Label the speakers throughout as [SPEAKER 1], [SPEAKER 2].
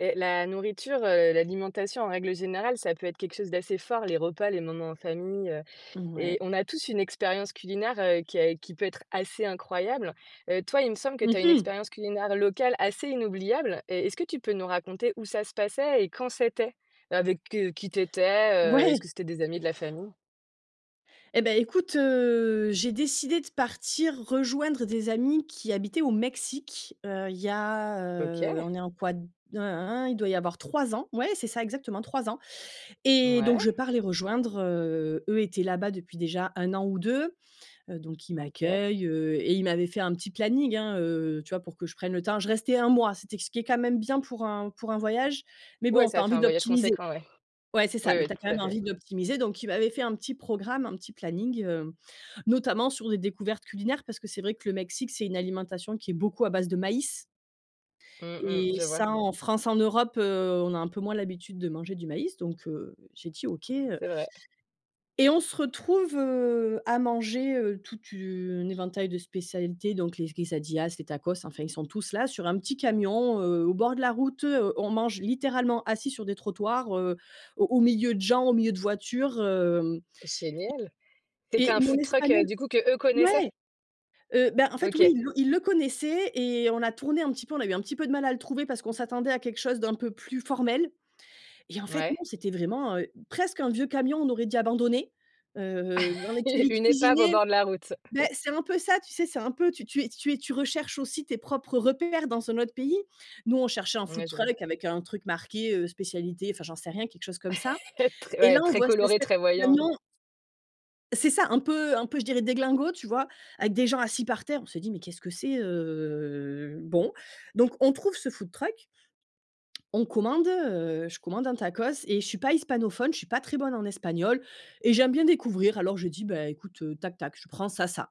[SPEAKER 1] Heu, la nourriture, heu, l'alimentation en règle générale, ça peut être quelque chose d'assez fort, les repas, les moments en famille, heu
[SPEAKER 2] Mmh
[SPEAKER 1] et
[SPEAKER 2] ouais.
[SPEAKER 1] on a tous une expérience culinaire, heu, qui est qui peut être assez incroyable. Heu, toi, il me semble que
[SPEAKER 2] Mmh
[SPEAKER 1] tu as une
[SPEAKER 2] mh!
[SPEAKER 1] expérience culinaire locale assez inoubliable. Et est-ce que tu peux nous raconter où ça se passait et quand c'était? Avec, heu, qui tu étais? Heu, est-ce
[SPEAKER 2] Ouais.
[SPEAKER 1] que c'était des amis, de la famille?
[SPEAKER 2] Eh beh, écoute, heu, j'ai décidé de partir rejoindre des amis qui habitaient au Mexique. Heu, il y a, heu,
[SPEAKER 1] OK!
[SPEAKER 2] on est en quoi? Hein, hein, hein. Il doit y avoir 3 ans. Ouais! C'est ça, exactement 3 ans. Et donc,
[SPEAKER 1] Ouais.
[SPEAKER 2] je pars les rejoindre, heu, eux étaient là-bas depuis déjà 1 an ou 2. Heu, donc ils
[SPEAKER 1] OK.
[SPEAKER 2] m'accueillent, heu, et ils m'avaient fait un petit planning, hein, heu, tu vois, pour que je prenne le temps. Je restais un mois, c'était ce qui est quand même bien pour un pour un voyage. Mais
[SPEAKER 1] Ouais,
[SPEAKER 2] bon, tu as
[SPEAKER 1] ça fait
[SPEAKER 2] envie
[SPEAKER 1] un voyage
[SPEAKER 2] d'optimiser
[SPEAKER 1] conséquent, ouais.
[SPEAKER 2] Ouais, c'est
[SPEAKER 1] Oui,
[SPEAKER 2] ça, mais
[SPEAKER 1] oui,
[SPEAKER 2] tu as quand
[SPEAKER 1] tout à
[SPEAKER 2] même
[SPEAKER 1] fait.
[SPEAKER 2] envie d'optimiser. Donc, il m'avait fait un petit programme, un petit planning, hem, notamment sur des découvertes culinaires, parce que c'est vrai que le Mexique, c'est une alimentation qui est beaucoup à base de maïs
[SPEAKER 1] Mmh. Mmh.
[SPEAKER 2] et
[SPEAKER 1] Je vois.
[SPEAKER 2] ça, en France, en Europe, heu, on a un peu moins l'habitude de manger du maïs. Donc, heu, j'ai dit OK, heu
[SPEAKER 1] C'est vrai.
[SPEAKER 2] et on se retrouve, heu, à manger, heu, tout une éventail de spécialités, donc les quesadillas, les tacos. Enfin, ils sont tous là, sur un petit camion, heu, au bord de la route. On mange littéralement assis sur des trottoirs, heu, au au milieu de gens, au milieu de voitures, hem.
[SPEAKER 1] Génial!
[SPEAKER 2] Et
[SPEAKER 1] C'était un
[SPEAKER 2] et mon
[SPEAKER 1] food truck, heu,
[SPEAKER 2] Espagnol
[SPEAKER 1] du coup, qu'eux connaissaient?
[SPEAKER 2] ouais! Heu, bah en fait, oui,
[SPEAKER 1] OK.
[SPEAKER 2] ils le ils le connaissaient et on a tourné un petit peu, on a eu un petit peu de mal à le trouver, parce qu'on s'attendait à quelque chose d'un peu plus formel. Et en fait, non,
[SPEAKER 1] Ouais.
[SPEAKER 2] c'était vraiment, heu, presque un vieux camion, on aurait dit abandonné, heu, dans lequel ils
[SPEAKER 1] Une épave au
[SPEAKER 2] cuisinaient.
[SPEAKER 1] bord de la route.
[SPEAKER 2] Ben, c'est un peu ça, tu sais, c'est un peu tu es tu es tu recherches aussi tes propres repères, dans un autre pays. Nous, on cherchait un food
[SPEAKER 1] Ouais, je vois.
[SPEAKER 2] truck avec un truc marqué, heu, spécialités, enfin, j'en sais rien, quelque chose comme ça. Et là,
[SPEAKER 1] Très,
[SPEAKER 2] on
[SPEAKER 1] très
[SPEAKER 2] voit cette
[SPEAKER 1] coloré,
[SPEAKER 2] espèce
[SPEAKER 1] très
[SPEAKER 2] de
[SPEAKER 1] voyant.
[SPEAKER 2] camion c'est ça un peu, un peu je dirais, déglingo, tu vois, avec des gens assis par terre, on se dit: «Mais qu'est-ce que c'est?» heu, bon. Donc on trouve ce food truck. On commande, heu, je commande un tacos et je suis pas hispanophone, je suis pas très bonne en Espagnol et j'aime bien découvrir. Alors je dis: «Beh, écoute, heu, tac tac, je prends ça, ça»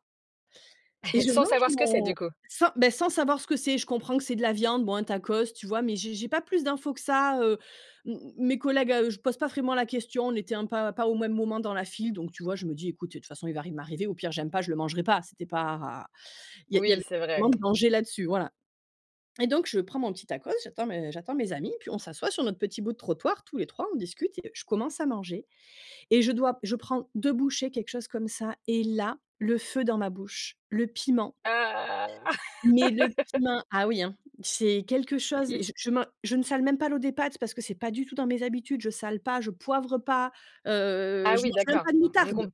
[SPEAKER 2] et je
[SPEAKER 1] Sans
[SPEAKER 2] mange
[SPEAKER 1] savoir ce que c'est, du
[SPEAKER 2] mon
[SPEAKER 1] coup?
[SPEAKER 2] sans, beh, sans savoir ce que c'est, je comprends que c'est de la viande, bon, un tacos, tu vois, mais j'ai j'ai pas plus d'infos que ça. Heu, m mes collègues, à eux, je pose pas vraiment la question, on était un pas pas au même moment dans la file, donc, tu vois, je me dis: «Ecoute, eh, de toute façon, il va rien m'arriver, au pire, j'aime pas, je le mangerai pas». C'était pas. Il y a il y
[SPEAKER 1] Oui,
[SPEAKER 2] avait
[SPEAKER 1] c'est
[SPEAKER 2] pas
[SPEAKER 1] vrai.
[SPEAKER 2] vraiment de danger là-dessus. Voilà. Et donc, je prends mon petit tacos, j'attends mes j'attends mes amis, puis on s'assoit sur notre petit bout de trottoir, tous les 3, on discute et je commence à manger et je dois je prends 2 bouchées, quelque chose comme ça, et là, le feu dans ma bouche, le piment
[SPEAKER 1] Ah!
[SPEAKER 2] mais le piment! Ah oui, hein, c'est quelque chose, je
[SPEAKER 1] I
[SPEAKER 2] je je man je ne sale même pas l'eau des pâtes, parce que c'est pas du tout dans mes habitudes. Je sale pas, je poivre pas, heu,
[SPEAKER 1] Ah
[SPEAKER 2] je
[SPEAKER 1] oui,
[SPEAKER 2] mange même
[SPEAKER 1] d'accord.
[SPEAKER 2] pas de
[SPEAKER 1] Mmh. Donc,
[SPEAKER 2] moutarde!
[SPEAKER 1] on